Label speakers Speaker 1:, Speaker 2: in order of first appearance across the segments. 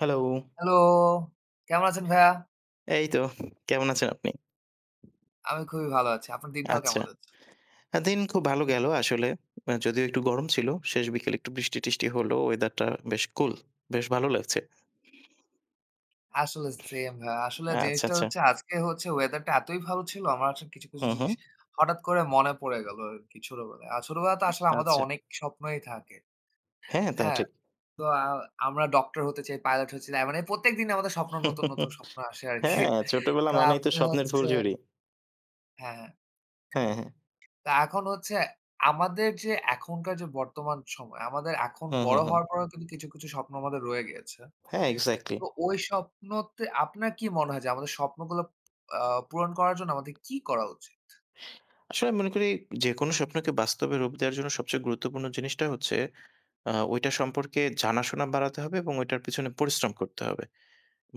Speaker 1: Hello.
Speaker 2: Hello, কেমন আছেন ভাইয়া?
Speaker 1: এই তো কেমন আছেন আপনি?
Speaker 2: আমি খুবই ভালো আছি। আপনার দিনকাল
Speaker 1: আচ্ছা,
Speaker 2: কেমন যাচ্ছে?
Speaker 1: আ দিন খুব ভালো গেল আসলে আ যদিও একটু গরম ছিল। শেষ বিকেলে একটু বৃষ্টি টৃষ্টি হলো, ওয়েদারটা বেশ কুল বেশ ভালো লাগছে।
Speaker 2: আসলে সেম ভাইয়া আসলে
Speaker 1: আচ্ছা,
Speaker 2: জিনিসটা
Speaker 1: আচ্ছা।
Speaker 2: হচ্ছে আজকে হচ্ছে ওয়েদারটা এতই ভালো ছিল। আমার হচ্ছে কিছু, কিছু
Speaker 1: হুম, হুম।
Speaker 2: জিনিস হঠাৎ করে মনে পড়ে গেল আরকি ছোটবেলায়। আর ছোটবেলায় তো আসলে আমাদের
Speaker 1: আচ্ছা।
Speaker 2: অনেক স্বপ্নই থাকে।
Speaker 1: হ্যাঁ, তা
Speaker 2: হ্যাঁ,
Speaker 1: ঠিক।
Speaker 2: তো আ আমরা ডক্টর হতে চাই, পাইলট হচ্ছি আ মানে প্রত্যেকদিনই আমাদের স্বপ্ন নতুন, নতুন স্বপ্ন আসে আরকি।
Speaker 1: হ্যাঁ, ছোটবেলা
Speaker 2: তো
Speaker 1: মানেই তো
Speaker 2: আপনার
Speaker 1: স্বপ্নের ফুল
Speaker 2: হচ্ছে
Speaker 1: ঝুড়ি।
Speaker 2: হ্যাঁ।
Speaker 1: হ্যাঁ, হ্যাঁ।
Speaker 2: তা এখন হচ্ছে আমাদের যে এখনকার যে বর্তমান সময় আমাদের এখন
Speaker 1: হুম,
Speaker 2: বড়
Speaker 1: হুম, হুম।
Speaker 2: হওয়ার পরেও কিন্তু কিছু, কিছু স্বপ্ন আমাদের রয়ে গিয়েছে।
Speaker 1: হ্যাঁ এক্সাক্টলি।
Speaker 2: তো ওই স্বপ্নতে আপনার কি মনে হয় যে আমাদের স্বপ্নগুলো আ পূরণ করার জন্য আমাদের কি করা উচিত?
Speaker 1: আসলে আমি মনে করি যেকোনো স্বপ্নকে বাস্তবে রূপ দেওয়ার জন্য সবচেয়ে গুরুত্বপূর্ণ জিনিসটা হচ্ছে আ ওইটা সম্পর্কে জানাশোনা বাড়াতে হবে এবং ওইটার পিছনে পরিশ্রম করতে হবে।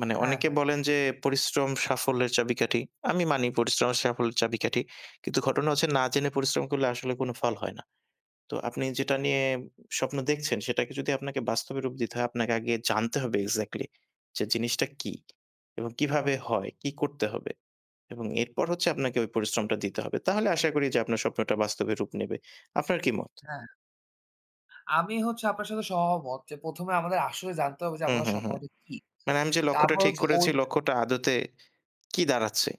Speaker 1: মানে
Speaker 2: হ্যাঁ,
Speaker 1: অনেকে
Speaker 2: হ্যাঁ।
Speaker 1: বলেন যে পরিশ্রম সাফল্যের চাবিকাঠি। আমি মানি পরিশ্রম সাফল্যের চাবিকাঠি। কিন্তু ঘটনা হচ্ছে না জেনে পরিশ্রম করলে আসলে কোন ফল হয় না। তো আপনি যেটা নিয়ে স্বপ্ন দেখছেন সেটাকে যদি আপনাকে বাস্তবে রূপ দিতে হয়, আপনাকে আগে জানতে হবে এক্সাক্টলি যে জিনিসটা কী এবং কীভাবে হয়, কী করতে হবে? এবং এরপর হচ্ছে আপনাকে ওই পরিশ্রমটা দিতে হবে। তাহলে আশা করি আপনার স্বপ্নটা বাস্তবে রূপ নেবে। আপনার কি মত?
Speaker 2: হ্যাঁ আমি হচ্ছে আপনার সাথে সহমত যে, প্রথমে আমাদের আসলে জানতে হবে যে
Speaker 1: হুম,
Speaker 2: আমাদের
Speaker 1: হুম, হুম,
Speaker 2: স্বপ্নটা কি?
Speaker 1: মানে আমি যে লক্ষ্যটা
Speaker 2: তারপর
Speaker 1: ঠিক
Speaker 2: হচ্ছে
Speaker 1: করেছি
Speaker 2: ওঠ
Speaker 1: লক্ষ্যটা আদতে কি দাঁড়াচ্ছে?